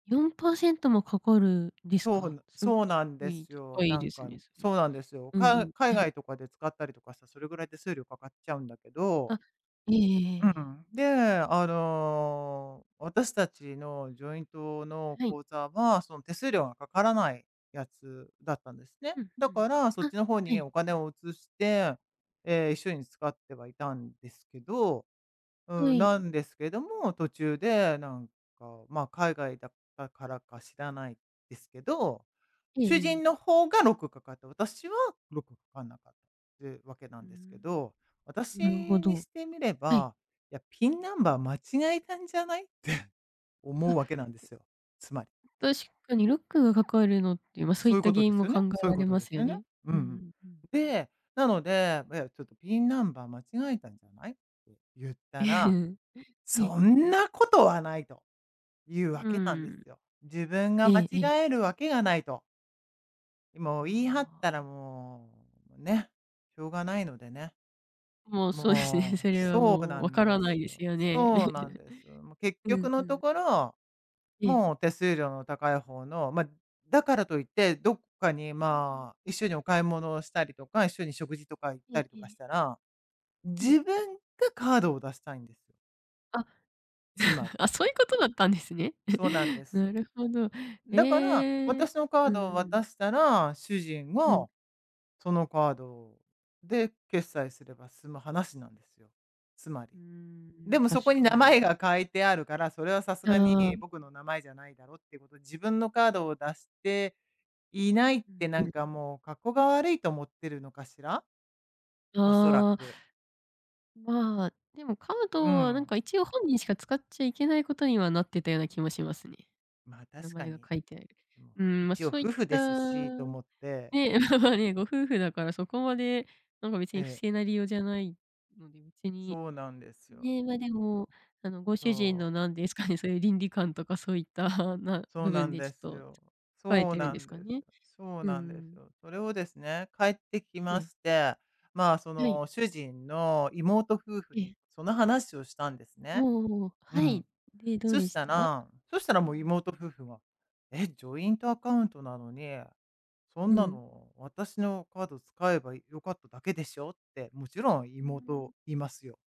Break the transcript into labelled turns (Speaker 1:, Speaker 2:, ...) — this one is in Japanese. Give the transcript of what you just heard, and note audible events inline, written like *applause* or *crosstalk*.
Speaker 1: 4%もかかるんです
Speaker 2: そう
Speaker 1: か？
Speaker 2: な
Speaker 1: すご
Speaker 2: そう
Speaker 1: *unintelligible* す
Speaker 2: なん
Speaker 1: ご
Speaker 2: で
Speaker 1: い
Speaker 2: すよ。
Speaker 1: 高い
Speaker 2: な
Speaker 1: で
Speaker 2: ん
Speaker 1: す
Speaker 2: か、
Speaker 1: ね、それ。
Speaker 2: そうなんですよ。
Speaker 1: うんう
Speaker 2: か
Speaker 1: ん。
Speaker 2: 海
Speaker 1: *chuckles*
Speaker 2: 外とかで使ったりとかしたらそれぐらい手数料かかっちゃうんだけど。
Speaker 1: あ、いえいえ。え
Speaker 2: う
Speaker 1: えええ。
Speaker 2: ん。で、あの私たちのジョイントの
Speaker 1: はい。
Speaker 2: 口座は、その手数料がかからないやつだったんですね。
Speaker 1: うん
Speaker 2: だ
Speaker 1: うん。
Speaker 2: から、そっ
Speaker 1: あ、
Speaker 2: ちの方
Speaker 1: は
Speaker 2: に
Speaker 1: い。
Speaker 2: お金を移して、ええ、一緒に使ってはいたんですけど、
Speaker 1: は
Speaker 2: うん、
Speaker 1: い。
Speaker 2: なんですけども、途中でなんかまあ、海外だったからか知らないですけど、
Speaker 1: ええ
Speaker 2: 主
Speaker 1: え
Speaker 2: 人
Speaker 1: え。
Speaker 2: の方がロックかかった、私はロックかかんなかったっていうわけな
Speaker 1: う
Speaker 2: ん
Speaker 1: ー
Speaker 2: です
Speaker 1: ん、
Speaker 2: けど、
Speaker 1: なるほ
Speaker 2: 私に
Speaker 1: ど、
Speaker 2: してみれ
Speaker 1: はい。
Speaker 2: ば、いや、「ピンナンバー間違えたんじゃない？」って *chuckles*
Speaker 1: あ。
Speaker 2: 思うわけなんで
Speaker 1: う。
Speaker 2: すよ。つまり。
Speaker 1: 確かにロックがかかるのっていう、ま、そうい
Speaker 2: そ
Speaker 1: っ
Speaker 2: ういう
Speaker 1: た
Speaker 2: こ
Speaker 1: 原
Speaker 2: とで
Speaker 1: 因
Speaker 2: す
Speaker 1: も
Speaker 2: よ
Speaker 1: 考
Speaker 2: ね、
Speaker 1: え
Speaker 2: そうい
Speaker 1: ら
Speaker 2: う
Speaker 1: れ
Speaker 2: こと
Speaker 1: ま
Speaker 2: です
Speaker 1: すよ
Speaker 2: よね。
Speaker 1: ね。
Speaker 2: うん
Speaker 1: うん
Speaker 2: う
Speaker 1: う
Speaker 2: ん。
Speaker 1: んうん。
Speaker 2: で、なので、いやちょっとピンナンバー間違えたんじゃない？って言ったら、
Speaker 1: *chuckles* はい。
Speaker 2: 「そんなことはない」というわ
Speaker 1: う
Speaker 2: けなんで
Speaker 1: ん。
Speaker 2: すよ。自分
Speaker 1: え
Speaker 2: が間
Speaker 1: えええ。
Speaker 2: 違えるわけがないと。もう言い張っ
Speaker 1: あ
Speaker 2: たら
Speaker 1: あ。
Speaker 2: もう、ね、しょうがないのでね。
Speaker 1: もうそうですね、そ
Speaker 2: もう、
Speaker 1: れは
Speaker 2: そう
Speaker 1: もう
Speaker 2: な
Speaker 1: 分か
Speaker 2: んで
Speaker 1: らな
Speaker 2: す
Speaker 1: いです
Speaker 2: よ。
Speaker 1: よね。
Speaker 2: そうなんですよ。もう
Speaker 1: *giggles*
Speaker 2: 結
Speaker 1: うん
Speaker 2: 局
Speaker 1: う
Speaker 2: のと
Speaker 1: ん。
Speaker 2: ころ、
Speaker 1: ええ。
Speaker 2: もう手数料の高い方の、ま、だからといって、どっかに
Speaker 1: うんうん。
Speaker 2: まあ、一緒にお買い物をしたりとか、一緒に食事とか行っ
Speaker 1: え
Speaker 2: た
Speaker 1: え
Speaker 2: りと
Speaker 1: え
Speaker 2: かし
Speaker 1: え。
Speaker 2: たら、
Speaker 1: はい。
Speaker 2: 自分がカードを出したいんです。
Speaker 1: あ、
Speaker 2: つまり。
Speaker 1: *giggles* あ、そういうことだったんですね。
Speaker 2: そうなんで
Speaker 1: *chuckles*
Speaker 2: す
Speaker 1: な
Speaker 2: よ。
Speaker 1: るほど。
Speaker 2: だから、
Speaker 1: ええ、
Speaker 2: 私のカー
Speaker 1: う
Speaker 2: ドを
Speaker 1: んう
Speaker 2: 渡
Speaker 1: ん。
Speaker 2: したら、主人
Speaker 1: うん。
Speaker 2: が、そのカードで決済すれば済む話なんですよ。つまり。
Speaker 1: うー
Speaker 2: で
Speaker 1: ん、
Speaker 2: もそ
Speaker 1: 確
Speaker 2: こに名
Speaker 1: かに。
Speaker 2: 前が書いてあるから、それはさす
Speaker 1: あ
Speaker 2: がに
Speaker 1: あ。
Speaker 2: 僕の名前じゃないだろっていうことで、自分のカードを出して、いないっ
Speaker 1: うん
Speaker 2: てな
Speaker 1: う
Speaker 2: ん
Speaker 1: ん。
Speaker 2: かもう「かっこが悪い」と思ってるのかしら？おそら
Speaker 1: あ
Speaker 2: く。
Speaker 1: あ。まあ、でも、カー
Speaker 2: う
Speaker 1: ドはなん
Speaker 2: ん。
Speaker 1: か一応本人しか使っちゃいけないことにはなってたような気もしますね。
Speaker 2: ま、
Speaker 1: 名
Speaker 2: 確か
Speaker 1: 前が
Speaker 2: に。
Speaker 1: 書いてある。
Speaker 2: でも、
Speaker 1: うーん、まあ、
Speaker 2: 一応
Speaker 1: そういっ
Speaker 2: 夫婦
Speaker 1: た、
Speaker 2: ですしと思って。
Speaker 1: ね、まあまあね、ご夫婦だからそこまでなんか別
Speaker 2: え
Speaker 1: に不
Speaker 2: え。
Speaker 1: 正な理由じゃないので、別に、
Speaker 2: そうなんですよ。
Speaker 1: ね、まあ、でもあのご主人
Speaker 2: そう。
Speaker 1: の何ですかね、そういう倫理観とかそういったな
Speaker 2: そう
Speaker 1: 部
Speaker 2: な
Speaker 1: 分
Speaker 2: ん
Speaker 1: で
Speaker 2: で
Speaker 1: ち
Speaker 2: す
Speaker 1: ょっと
Speaker 2: よ。
Speaker 1: 書い
Speaker 2: そう
Speaker 1: てるん
Speaker 2: な
Speaker 1: です
Speaker 2: ん
Speaker 1: か
Speaker 2: です。
Speaker 1: ね。
Speaker 2: そう
Speaker 1: う
Speaker 2: なんです
Speaker 1: ん。
Speaker 2: よ。それをですね、帰ってき
Speaker 1: え
Speaker 2: ま
Speaker 1: え。
Speaker 2: して、まあ、そ
Speaker 1: はい。
Speaker 2: の主人の妹夫婦
Speaker 1: え
Speaker 2: に
Speaker 1: え。
Speaker 2: その話をしたんですね。
Speaker 1: おお、
Speaker 2: う
Speaker 1: は
Speaker 2: ん。
Speaker 1: い。で、どう
Speaker 2: そ
Speaker 1: で
Speaker 2: し
Speaker 1: し
Speaker 2: た
Speaker 1: た？
Speaker 2: らそしたらもう
Speaker 1: *unintelligible*
Speaker 2: 妹夫婦が、え、ジョイントアカウントなのに、そん
Speaker 1: う
Speaker 2: な
Speaker 1: ん。
Speaker 2: の私のカード使えば良かっただけでしょって、もちろん
Speaker 1: ふーん。
Speaker 2: 妹言いますよ。